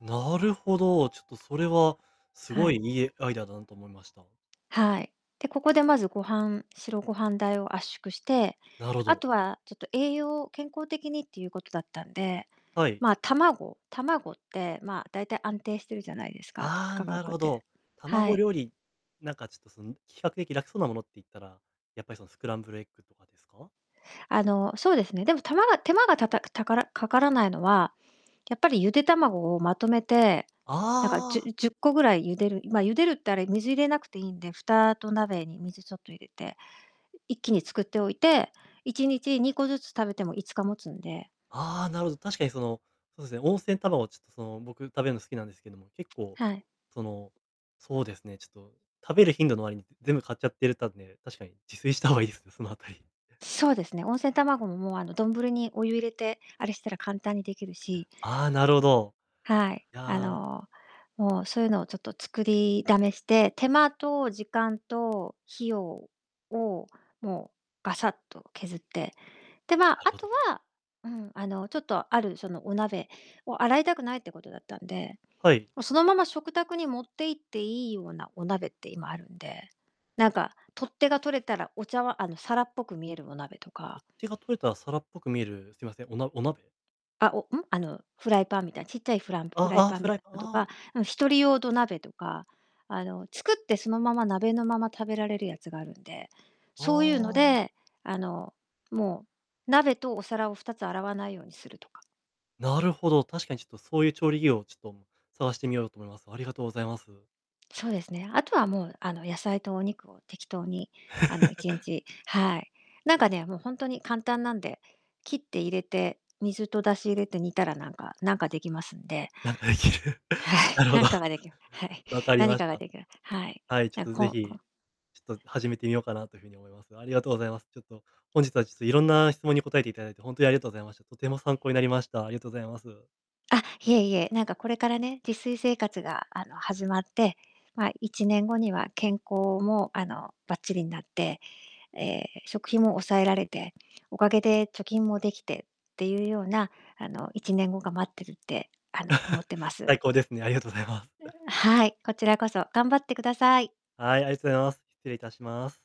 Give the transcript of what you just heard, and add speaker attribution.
Speaker 1: なるほど。ちょっと、それはす
Speaker 2: は
Speaker 1: ごい、
Speaker 2: い。
Speaker 1: いえ、アイデアだなと思いました。
Speaker 2: はい。で、ここで、まず、ご飯白ご飯代を圧縮して、
Speaker 1: なるほ
Speaker 2: あ
Speaker 1: ど。
Speaker 2: とは、ちょっと、栄養を健康的にっていうことだったんで、
Speaker 1: はい。
Speaker 2: ま、卵卵って、ま、だいたい安定してるじゃないですか、つ
Speaker 1: あ、
Speaker 2: 価
Speaker 1: なる
Speaker 2: 格
Speaker 1: ほ
Speaker 2: て。
Speaker 1: ど。
Speaker 2: は
Speaker 1: 卵
Speaker 2: い。
Speaker 1: 料理、なんか、ちょっと、そん、比較的楽そうなものっていったら、やっぱり、その、スクランブルエッグとかですか？
Speaker 2: あの、そうですね。でも、たまが手間がたたくたからかからないのは、やっぱりゆで卵をまとめて、なんか、じ
Speaker 1: ああ。
Speaker 2: ゅ10個ぐらい茹でる、いま、茹でるってあれ水入れなくていいんで、蓋と鍋に水ちょっと入れて、い一気に作っておいて、1日2個ずつ食べても5日持つんで
Speaker 1: ああ、なるほど。確かにその、そうすね、温泉卵ちょ、その、僕食べるの好きなんですけども、結構、
Speaker 2: はい。
Speaker 1: その、そうですね、ちょっと食べる頻度の割に全部買っちゃってるたんで、確かに自炊した方がいいですね、そのあたり。
Speaker 2: そうですね、温泉卵も、もう、あの、どんぶりにお湯入れて、あれしたら簡単にできる
Speaker 1: いや、
Speaker 2: し
Speaker 1: ああ、なるほど。
Speaker 2: はい。
Speaker 1: い
Speaker 2: あ
Speaker 1: や
Speaker 2: の、もう、そういうのを、ちょっと、作りだめして、手間と時間と費用を、もう、ガサッと削って、で、ま、
Speaker 1: なる
Speaker 2: あ
Speaker 1: ほ
Speaker 2: と
Speaker 1: ど。
Speaker 2: はうん、あの、ちょっと、ある、その、お鍋を洗いたくないってことだったんで、
Speaker 1: はい。
Speaker 2: もう、そのまま食卓に持っていっていいようなお鍋って今あるんで、なんか、取っ手が取れたら、お茶わあの、皿っぽく見えるお鍋とか
Speaker 1: 取っ手が取れた皿っぽく見える、すいません、おなお鍋？
Speaker 2: あ、お、ん、あの、フライパンみたいな、ちっちゃいフランフライ
Speaker 1: ああ、
Speaker 2: パン
Speaker 1: フ
Speaker 2: み
Speaker 1: ライ
Speaker 2: た
Speaker 1: パン、
Speaker 2: いど
Speaker 1: ああ。
Speaker 2: か、うん、一人用土鍋とか、あの、作ってそのまま鍋のまま食べられるやつがあるんで、そういうの
Speaker 1: ああ。
Speaker 2: で、あの、もう、鍋とお皿を2つ洗わないようにするとか
Speaker 1: なるほど、確かにちょっとそういう調理器をちょっと、む探してみようと思います。ありがとうございます。
Speaker 2: そうですね。あとは、もう、あの、野菜とお肉を適当に、あの、いちん ちはい。なんか、ね、もう、ほんとに簡単なんで、切って入れて、水と出汁入れて煮たら、なんかなんかできますんで
Speaker 1: なんかできる。
Speaker 2: は
Speaker 1: な
Speaker 2: い、
Speaker 1: るほど。
Speaker 2: 何か ができまはい。
Speaker 1: 分かり
Speaker 2: 何
Speaker 1: まし
Speaker 2: かが
Speaker 1: た。
Speaker 2: 出来まはい。
Speaker 1: はい、ちょっ
Speaker 2: なん、
Speaker 1: と、
Speaker 2: こ
Speaker 1: ぜ
Speaker 2: んこ
Speaker 1: ひ、ちょっと、始めてみようかなという風に思います。ありがとうございます。ちょっと、本日は、ちょっと、いろんな質問に答えていただいて、ほんとにありがとうございました。とても参考になりました。ありがとうございます。
Speaker 2: あ、いえいえ、なんか、これからね、自炊生活が、あの、始まって、ま、1年後には健康も、あの、ばっちりんなって、え、食費も抑えられて、おかげで貯金もできてっていうような、あの、1年後が待ってるって、あの、思ってま す。
Speaker 1: 最高ですね。ありがとうございます。
Speaker 2: はい。こちらこそ頑張ってください。
Speaker 1: はい、ありとざいます。失礼いたします。